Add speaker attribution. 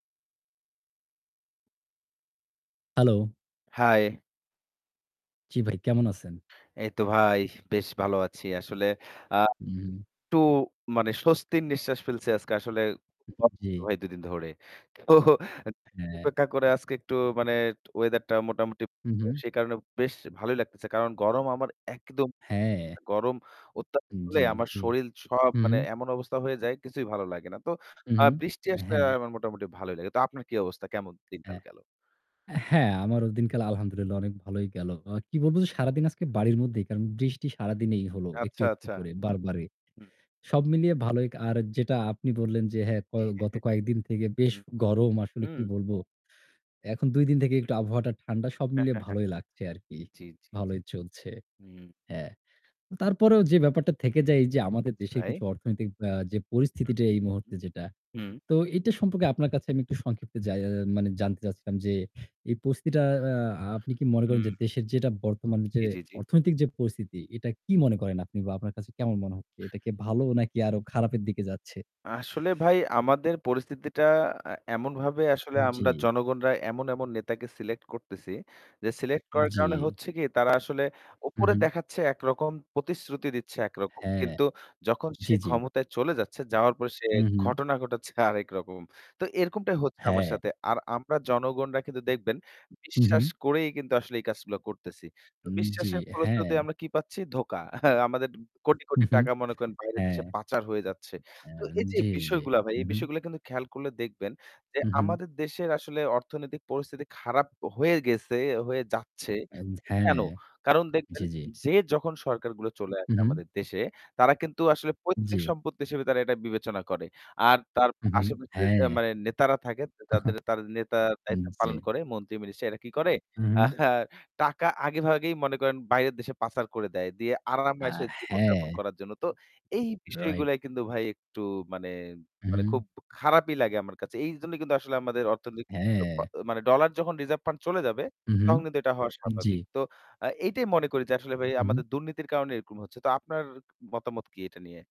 Speaker 1: Hello!
Speaker 2: High!
Speaker 1: জী ভাই, কেমন আছেন?
Speaker 2: এই তো ভাই, বেশ ভালো আছি। আসলে আ
Speaker 1: উহু, হু।
Speaker 2: একটু মানে স্বস্তির নিঃশ্বাস ফেলছি আজকে। আসলে
Speaker 1: উহু, জি।
Speaker 2: ভাই, ২ দিন ধরে তো
Speaker 1: হ্যাঁ।
Speaker 2: অপেক্ষা করে আজকে একটু মানে ওয়েদারটা মোটামুটি।
Speaker 1: হু, হু।
Speaker 2: সে কারণে বেশ ভালোই লাগতেছে। কারণ গরম আমার একদম
Speaker 1: হ্যাঁ।
Speaker 2: গরম, গরম অত্যাধিক হলে
Speaker 1: জী,
Speaker 2: আমার
Speaker 1: জী।
Speaker 2: শরীর সব,
Speaker 1: হু,
Speaker 2: মানে,
Speaker 1: হু।
Speaker 2: এমন অবস্থা হয়ে যায়, কিছুই ভালো লাগে না। তো
Speaker 1: হুম,
Speaker 2: আ
Speaker 1: হুম,
Speaker 2: বৃষ্টি আসলে
Speaker 1: হ্যাঁ।
Speaker 2: আমার মোটামুটি ভালোই লাগে। তো আপনার কী অবস্থা? কেমন দিনকাল
Speaker 1: হ্যাঁ।
Speaker 2: গেল?
Speaker 1: হ্যাঁ, আমার এই দিনকাল, আলহামদুলিল্লাহ, অনেক ভালোই গেল। অ কী বলব যে, সারাদিন আজকে বাড়ির মধ্যেই, কারণ বৃষ্টি সারাদিনই হলো, একটু,
Speaker 2: আচ্ছা,
Speaker 1: একটু
Speaker 2: আচ্ছা।
Speaker 1: করে, বারবারই।
Speaker 2: হম
Speaker 1: সব মিলিয়ে ভালোই। আর যেটা আপনি বললেন যে, হ্যাঁ, ক
Speaker 2: জি।
Speaker 1: গত কয়েক দিন থেকে বেশ
Speaker 2: হুম,
Speaker 1: গরম। আসলে
Speaker 2: হম
Speaker 1: কী বলব, এখন ২ দিন থেকেই একটু আবহাওয়াটা একটু ঠান্ডা। সব মিলিয়ে ভালোই লাগছে আরকি।
Speaker 2: জ্বী, জ্বী, জ্বী। জি, জি, জি।
Speaker 1: ভালোই চলছে।
Speaker 2: হু।
Speaker 1: হ্যাঁ। তারপরেও যে ব্যাপারটা থেকে যায়, এই যে আমাদের
Speaker 2: জি
Speaker 1: দেশের
Speaker 2: ভাই।
Speaker 1: কিছু অর্থনৈতিক আ যে
Speaker 2: আ
Speaker 1: পরিস্থিতিটা
Speaker 2: হু,
Speaker 1: এই মুহূর্তে যেটা
Speaker 2: হু।
Speaker 1: তো এটা সম্পর্কে আপনার কাছে আমি সংক্ষেপে জা মানে জানতে চাচ্ছিলাম যে এই পরিস্থিতিটা অ্যাঁ আ আপনি কী মনে করেন
Speaker 2: হুম।
Speaker 1: যে, দেশের যে বর্তমানে যে
Speaker 2: জী, জী, জী
Speaker 1: অর্থনৈতিক যে পরিস্থিতি, এটা কী মনে করেন আপনি বা আপনার কাছে কেমন মনে হচ্ছে? এটা কী ভালো, নাকি আরও খারাপের দিকে যাচ্ছে?
Speaker 2: আসলে ভাই, আমাদের পরিস্থিতিটা আ এমনভাবে আসলে আমরা
Speaker 1: জ্বি।
Speaker 2: জনগণরা এমন, এমন নেতাকে সিলেক্ট করতেছি যে, সিলেক্ট করার কারণে
Speaker 1: জী।
Speaker 2: হচ্ছে কী, তারা আসলে
Speaker 1: হু,
Speaker 2: উপরে
Speaker 1: হু।
Speaker 2: দেখাচ্ছে একরকম, প্রতিশ্রুতি দিচ্ছে একরকম।
Speaker 1: হ্যাঁ।
Speaker 2: কিন্তু যখন সে
Speaker 1: জ্বি, জ্বি।
Speaker 2: ক্ষমতায় চলে যাচ্ছে, যাওয়ার পরে সে
Speaker 1: হু, হু।
Speaker 2: ঘটনা ঘটাচ্ছে আরেক রকম। তো এরকমটাই হচ্ছে আমাদের
Speaker 1: হ্যাঁ।
Speaker 2: সাথে। আর আমরা জনগণরা কিন্তু দেখবেন,
Speaker 1: হু
Speaker 2: বিশ্বাস
Speaker 1: হু।
Speaker 2: করেই কিন্তু আসলে এই কাজগুলা করতেছি।
Speaker 1: জ্বি,
Speaker 2: বিশ্বাসের ফলশ্রুতিতে
Speaker 1: হ্যাঁ।
Speaker 2: আমরা কী পাচ্ছি? ধোঁকা। আমাদের কোটি
Speaker 1: হুম,
Speaker 2: কোটি
Speaker 1: হুম,
Speaker 2: টাকা, মনে করেন, বাইরের দেশে
Speaker 1: হ্যাঁ।
Speaker 2: পাচার হয়ে যাচ্ছে। তো
Speaker 1: অ্যাঁ
Speaker 2: এই যে
Speaker 1: জ্বী, জ্বী।
Speaker 2: বিষয়গুলা ভাই, এই
Speaker 1: উহু।
Speaker 2: বিষয়গুলা কিন্তু খেয়াল করলে দেখবেন যে,
Speaker 1: হু, হু।
Speaker 2: আমাদের দেশের আসলে অর্থনৈতিক পরিস্থিতি খারাপ হয়ে গেছে, হয়ে যাচ্ছে।
Speaker 1: আজ হ্যাঁ,
Speaker 2: কেন?
Speaker 1: হ্যাঁ,
Speaker 2: কারণ দেখবেন,
Speaker 1: জী, জী।
Speaker 2: যে যখন সরকারগুলো চলে
Speaker 1: হু,
Speaker 2: আসে
Speaker 1: হু।
Speaker 2: আমাদের দেশে, তারা কিন্তু আসলে পৈতৃক
Speaker 1: জ্বি।
Speaker 2: সম্পত্তি হিসেবে তারা এটা বিবেচনা করে। আর তার
Speaker 1: হুঁ, হু
Speaker 2: আশেপাশে
Speaker 1: হ্যাঁ।
Speaker 2: মানে নেতারা থাকে, তা যারা নেতার দায়িত্ব
Speaker 1: জ্বী।
Speaker 2: পালন করে, মন্ত্রী-মিনিস্টার এরা কী করে
Speaker 1: হু, হু।
Speaker 2: টাকা আগেভাগেই, মনে করেন, বাইরের দেশে পাচার করে দেয়। দিয়ে
Speaker 1: আ
Speaker 2: আরামে-আয়েসে জীবনযাপন
Speaker 1: হ্যাঁ।
Speaker 2: করার জন্য। তো এই
Speaker 1: রাইট।
Speaker 2: বিষয়গুলাই কিন্তু ভাই, একটু মানে,
Speaker 1: উ হুম।
Speaker 2: খুব খারাপই লাগে আমার কাছে। এই জন্যই কিন্তু আসলে আমাদের অর্থনৈতিক ব
Speaker 1: হ্যাঁ।
Speaker 2: মানে, ডলার যখন রিজার্ভ ফান্ড চলে যাবে,
Speaker 1: হু, হু।
Speaker 2: তখন কিন্তু এটা হওয়া
Speaker 1: জী
Speaker 2: স্বাভাবিক। তো আ এইটাই মনে করি যে, আসলে ভাই,
Speaker 1: হু, হু।
Speaker 2: আমাদের দুর্নীতির কারণে এরকম হচ্ছে। তো আপনার মতামত কী এটা নিয়ে?